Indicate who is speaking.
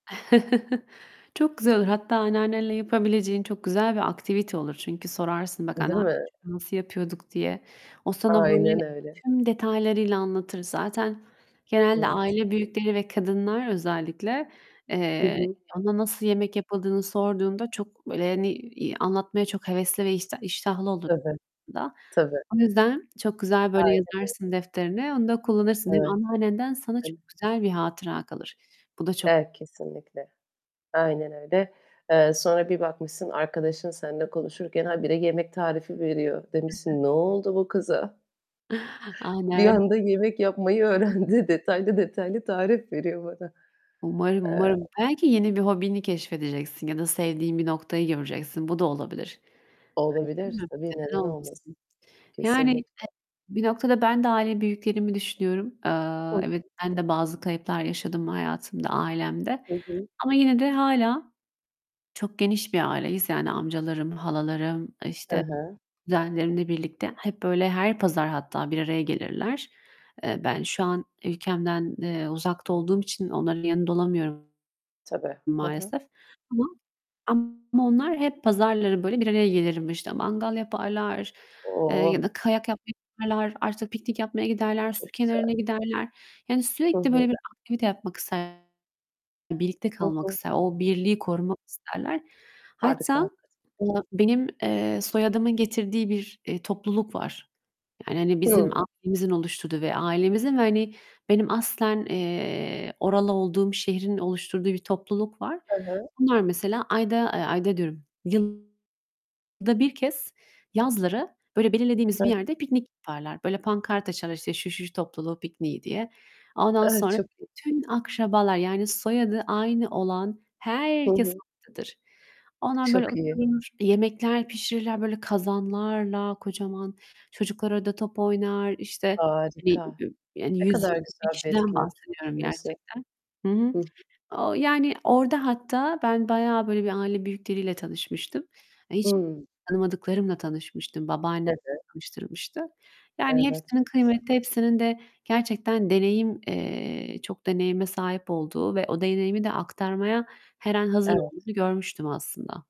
Speaker 1: Çok güzel olur. Hatta anneannenle yapabileceğin çok güzel bir aktivite olur. Çünkü sorarsın: "Bak
Speaker 2: Değil
Speaker 1: anneannecim,
Speaker 2: mi?
Speaker 1: bunu nasıl yapıyorduk?" diye. O sana böyle
Speaker 2: Aynen öyle.
Speaker 1: tüm detaylarıyla anlatır. Zaten genelde
Speaker 2: Evet.
Speaker 1: aile büyükleri ve kadınlar özellikle,
Speaker 2: Hı
Speaker 1: eee,
Speaker 2: hı.
Speaker 1: ona nasıl yemek yapıldığını sorduğunda çok, böyle, hani, iii, anlatmaya çok hevesli ve işta iştahlı olur
Speaker 2: Tabii,
Speaker 1: [unintelligible] da.
Speaker 2: tabii.
Speaker 1: O yüzden çok güzel, böyle,
Speaker 2: Aynen öy
Speaker 1: yazarsın defterine, onu da kullanırsın. Hem
Speaker 2: Evet.
Speaker 1: anneannenden sana çok
Speaker 2: [unintelligible]
Speaker 1: güzel bir hatıra kalır. Bu da çok
Speaker 2: Evet, kesinlikle. Aynen öyle. Eee, sonra bir bakmışsın arkadaşın seninle konuşurken habire yemek tarifi veriyor.
Speaker 1: Hı hı.
Speaker 2: Demişsin, "Ne oldu bu kıza? Bir
Speaker 1: Aynen.
Speaker 2: anda yemek yapmayı
Speaker 1: [unintelligible]
Speaker 2: öğrendi. Detaylı detaylı tarif veriyor bana."
Speaker 1: Umarım,
Speaker 2: Eee
Speaker 1: umarım. Belki yeni bir hobini keşfedeceksin ya da sevdiğin bir noktayı göreceksin. Bu da olabilir. Evet, değil
Speaker 2: Olabilir,
Speaker 1: mi?
Speaker 2: tabii.
Speaker 1: Neden
Speaker 2: Neden olmasın?
Speaker 1: olmasın? Yani,
Speaker 2: Kesinlikle.
Speaker 1: e bir noktada ben de aile büyüklerimi düşünüyorum.
Speaker 2: Hı
Speaker 1: Eee,
Speaker 2: hı.
Speaker 1: evet, ben de bazı kayıplar yaşadım hayatımda, ailemde.
Speaker 2: Hı hı.
Speaker 1: Ama yine de hâlâ çok geniş bir aileyiz. Yani amcalarım, halalarım,
Speaker 2: He
Speaker 1: işte,
Speaker 2: he.
Speaker 1: kuzenlerimle birlikte hep, böyle, her pazar hatta bir araya gelirler. Eee, ben şu an ülkemden, eee, uzakta olduğum için onların yanında olamıyorum
Speaker 2: Tabii. Hı hı.
Speaker 1: maalesef. Ama ama onlar hep pazarları böyle bir araya gelirim işte, mangal yaparlar, eee ya
Speaker 2: Oh!
Speaker 1: da kayak yapmaya giderler, artı piknik yapmaya giderler, su
Speaker 2: Çok güzel.
Speaker 1: kenarına giderler. Yani,
Speaker 2: Hı
Speaker 1: sürekli
Speaker 2: hı.
Speaker 1: böyle bir aktivite yapmak isterler, birlikte
Speaker 2: Hı
Speaker 1: kalmak
Speaker 2: hı.
Speaker 1: ister, o birliği korumak isterler.
Speaker 2: Harika.
Speaker 1: Hatta,
Speaker 2: Hakika
Speaker 1: aaa, benim, eee, soyadımın getirdiği bir, eee, topluluk var. Yani, hani, bizim
Speaker 2: Hı.
Speaker 1: ailemizin oluşturduğu ve ailemizin ve, hani, benim aslen, eee, oralı olduğum şehrin oluşturduğu bir topluluk var.
Speaker 2: Hı hı.
Speaker 1: Onlar mesela ayda ııı, ayda diyorum, yılda 1 kez yazları, böyle, belirlediğimiz
Speaker 2: Hı
Speaker 1: bir
Speaker 2: hı.
Speaker 1: yerde piknik yaparlar. Böyle, pankart açarlar, işte, "Şu şu topluluğu pikniği" diye. Ondan
Speaker 2: A,
Speaker 1: sonra
Speaker 2: çok iyi.
Speaker 1: bütün akrabalar, yani soyadı aynı olan
Speaker 2: Hı
Speaker 1: herkes
Speaker 2: hı.
Speaker 1: oradadır. Onlar, böyle,
Speaker 2: Çok iyi.
Speaker 1: oturur, yemekler pişirirler, böyle, kazanlarla kocaman. Çocuklar orada top oynar, işte, hani,
Speaker 2: Harika.
Speaker 1: [unintelligible] yani
Speaker 2: Ne
Speaker 1: yüz
Speaker 2: kadar
Speaker 1: yirmi
Speaker 2: güzel bir
Speaker 1: kişiden
Speaker 2: etkinlik kim
Speaker 1: bahsediyorum
Speaker 2: düşündüyse.
Speaker 1: gerçekten. Hı hı.
Speaker 2: Hı hı.
Speaker 1: Ooo, yani orada hatta ben bayağı, böyle, bir aile büyükleriyle tanışmıştım. Hani, hiç
Speaker 2: Hıı.
Speaker 1: tanımadıklarımla tanışmıştım, babaannem
Speaker 2: Tabii.
Speaker 1: tanıştırmıştı. Yani
Speaker 2: Evet,
Speaker 1: hepsinin
Speaker 2: çok güzel.
Speaker 1: kıymeti, hepsinin de gerçekten deneyim eee, çok deneyime sahip olduğu ve o deneyimi de aktarmaya her an hazır
Speaker 2: Evet.
Speaker 1: olduğunu görmüştüm aslında.